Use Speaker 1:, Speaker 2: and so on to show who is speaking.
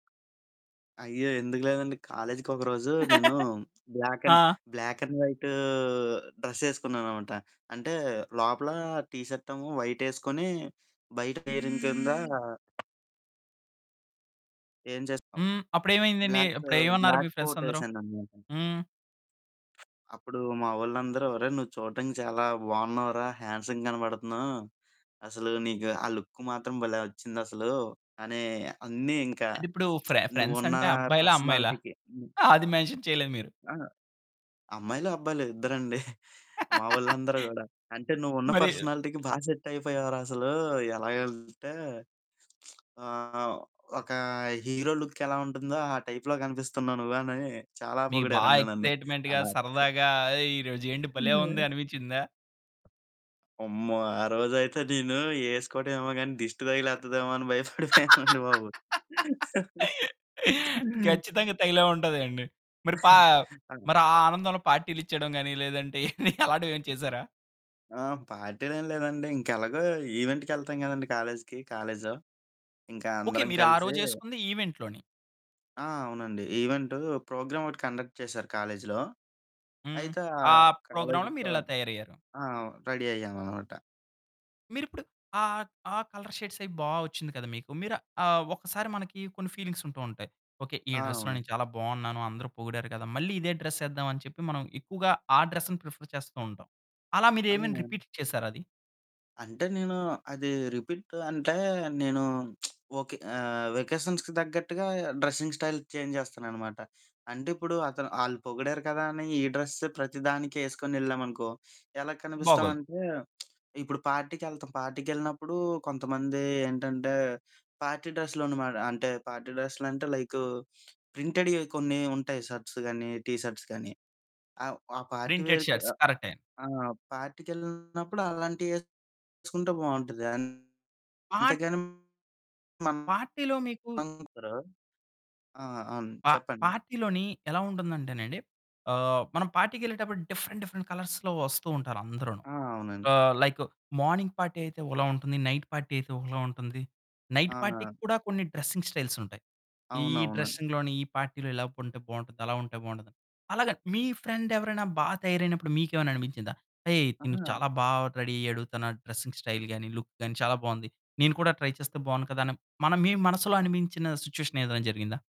Speaker 1: అయ్యో! ఎందుకు లేదండి. కాలేజికి ఒకరోజు నేను బ్లాక్ అండ్
Speaker 2: ఆ!
Speaker 1: బ్లాక్ అండ్ వైటూ డ్రెస్ యేసుకున్నాననమాట. అంటే లోపల టీ షర్ట్ ఏమో వైట్ యేస్కొని బయట పెయిరింగ్ కింద ఏం చేస్తావు?
Speaker 2: హ్మ్. అప్పుడేమైందండి?
Speaker 1: బ్లాక్
Speaker 2: అప్పుడు ఏమన్నారు మీ
Speaker 1: బ్లాక్
Speaker 2: ఫ్రెండ్స్ అందరు?
Speaker 1: కోటేసానన్నమాట.
Speaker 2: హ్మ్.
Speaker 1: అప్పుడు మా వోళ్ళందరూ, "ఒరేయ్ నువ్వు చూడడానికి చాలా బావున్నావురా హ్యాండ్సమ్‌గా కనపడుతున్నావు. అసలు నీకు ఆ లుక్ మాత్రం భలే వచ్చిందసలు," అనీ అన్నీ ఇంకా
Speaker 2: అంటే ఇప్పుడు ఫ్రె ఫ్రెండ్స్
Speaker 1: "నువ్వున్న
Speaker 2: అంటే అబ్బాయిలా? అమ్మాయిలా?
Speaker 1: పర్సనాలిటీ‌కి" హ్మ్.
Speaker 2: అది మెన్షన్ చేయలేదు మీరు.
Speaker 1: ఆ! అమ్మాయిలు, అబ్బాయిలు ఇద్దరండి మా వోళ్ళందరూ గూడా. అంటే "నువ్వు ఉన్న
Speaker 2: మరి
Speaker 1: పర్సనాలిటీకి బా సెట్ అయిపోయావురా అసలు ఎలాగంటే ఆహ్, ఒక హీరో లుక్ ఎలా ఉంటుందో ఆ టైప్‌లో కనిపిస్తున్నావు. నువ్వు" అని చాలా
Speaker 2: మీకు బాగా
Speaker 1: పొగిడారండి నన్ను. ఆ
Speaker 2: ఎక్సైట్మెంట్‌గా సరదాగా ఏయ్ ఈరోజేంటి భలే
Speaker 1: ఆ!
Speaker 2: ఉంది అనిపిచ్చిందా?
Speaker 1: అమ్మో! ఆ రోజయితే నేను యేసుకోవటం ఏమో గాని దిష్టి తగిలేత్తదేమో అని భయపడిపోయానండి బాబు.
Speaker 2: ఖచ్చితంగా తగిలే ఉంటదండి. మరి పా
Speaker 1: ఆ!
Speaker 2: మరి ఆ ఆనందంలో పార్టీలిచ్చేయడం గాని లేదంటే అలాంటివేమైనా చేసారా?
Speaker 1: ఆ! పార్టీలేం లేదండి, ఇంకెలాగో ఈవెంటుకెళ్తాం గదండీ! కాలేజికి, కాలజులో ఇంకా
Speaker 2: ఓకే.
Speaker 1: అందరం
Speaker 2: మీరు ఆ
Speaker 1: కలిసి
Speaker 2: రోజేసుకుంది ఈవెంట్‌లోని.
Speaker 1: ఆ! అవునండి. ఈవెంటు ప్రోగ్రామ్ ఒకటి కండక్ట్ చేశారు కాలేజులో.
Speaker 2: హ్మ్.
Speaker 1: అయితే ఆ
Speaker 2: ఆ ప్రోగ్రామ్‌లో
Speaker 1: కాలేజిలో
Speaker 2: మీరిలా తయారయ్యారు.
Speaker 1: ఆ! రెడీ అయ్యాననమాట.
Speaker 2: మీరిప్పుడు ఆహ్, ఆ కలర్ షేడ్స్ అయి బా వచ్చింది కదా! మీకు. మీరు ఆహ్, ఒకసారి మనకి కొన్ని ఫీలింగ్స్ ఉంటూ ఉంటాయి. ఓకె. ఈ
Speaker 1: ఆ!
Speaker 2: డ్రెస్‌లో
Speaker 1: అవును.
Speaker 2: నేను చాలా బావున్నాను. అందరూ పొగిడారు గదా! మళ్ళీ ఇదే డ్రెస్ యేద్దామని చెప్పి మనం ఎక్కువగా ఆ డ్రెస్‌‌ని ప్రిఫర్ చేస్తూ ఉంటాం. అలా మీరు ఏమైనా
Speaker 1: అవును.
Speaker 2: రిపీట్ చేసారా అది?
Speaker 1: అంటే నేను అది రిపీట్ అంటే నేను ఓకే. వెకేషన్స్‌కి తగ్గట్టుగా డ్రెసింగ్ స్టైల్ చేంజ్ జేస్తాననమాట. అంటే ఇప్పుడు అతను ఆళ్ళు పొగిడారు కదా! అని ఈ డ్రెస్సే ప్రతిదానికి యేసుకొనెళ్ళామనుకో ఎలా
Speaker 2: బాగోదు.
Speaker 1: కనిపిస్తామంటే ఇప్పుడు పార్టీకెళ్తాం. పార్టీకెళ్ళినప్పుడు కొంతమంది ఏంటంటే పార్టీ డ్రెస్సులన్నమాట. అంటే పార్టీ డ్రెస్సులంటే లైకు ప్రింటెడ్‌యి కొన్ని ఉంటాయి షర్ట్స్ గానీ, టీ షర్ట్స్ కానీ. ఆహ్, ఆ పార్టీ
Speaker 2: ప్రింటెడ్
Speaker 1: వేర్‌కి
Speaker 2: షర్ట్స్.
Speaker 1: ఆ
Speaker 2: కరెక్టే.
Speaker 1: ఆ! పార్టీకెళ్ళినప్పుడు అలాంటియేసుకుంటే బావుంటది. అంతేగాని
Speaker 2: ఆ
Speaker 1: మనం
Speaker 2: పార్టీలో మీకు
Speaker 1: [unintelligible] ఆ! అవును.
Speaker 2: పా
Speaker 1: చెప్పండి.
Speaker 2: పార్టీలోని ఎలా ఉంటుందంటేనండి ఆహ్, మనం పార్టీకెళ్ళేటప్పుడు డిఫరెంట్ డిఫరెంట్ కలర్స్‌లో వస్తూ ఉంటారు అందరును.
Speaker 1: ఆ! అవునండీ.
Speaker 2: ఆహ్, లైక్ మార్నింగ్ పార్టీ అయితే ఒకలా ఉంటుంది. నైట్ పార్టీ అయితే ఒకలా ఉంటుంది. నైట్
Speaker 1: ఆ!
Speaker 2: పార్టీ‌కి కూడా కొన్ని డ్రెసింగ్ స్టైల్స్ ఉంటాయి. ఈ
Speaker 1: అవునవును.
Speaker 2: డ్రెసింగ్‌లోని ఈ పార్టీలో ఇలా ఉంటే బావుంటుంది, అలా ఉంటే బావుంటుంది. అలాగ మీ ఫ్రెండ్ ఎవరైనా బా తయారైనప్పుడు మీకేమైనా అని పించిందా హేయ్, తను
Speaker 1: ఆ!
Speaker 2: చాలా బాగా రెడీ అయ్యాడు. తన డ్రెసింగ్ స్టైల్ గాని లుక్ గాని చాలా బాగుంది. నేను కూడా ట్రై చేస్తే బాగుండు కదా! అని మన మీ మనసులో అనిపించిన సిట్యుయేషన్ ఏదైనా జరిగిందా?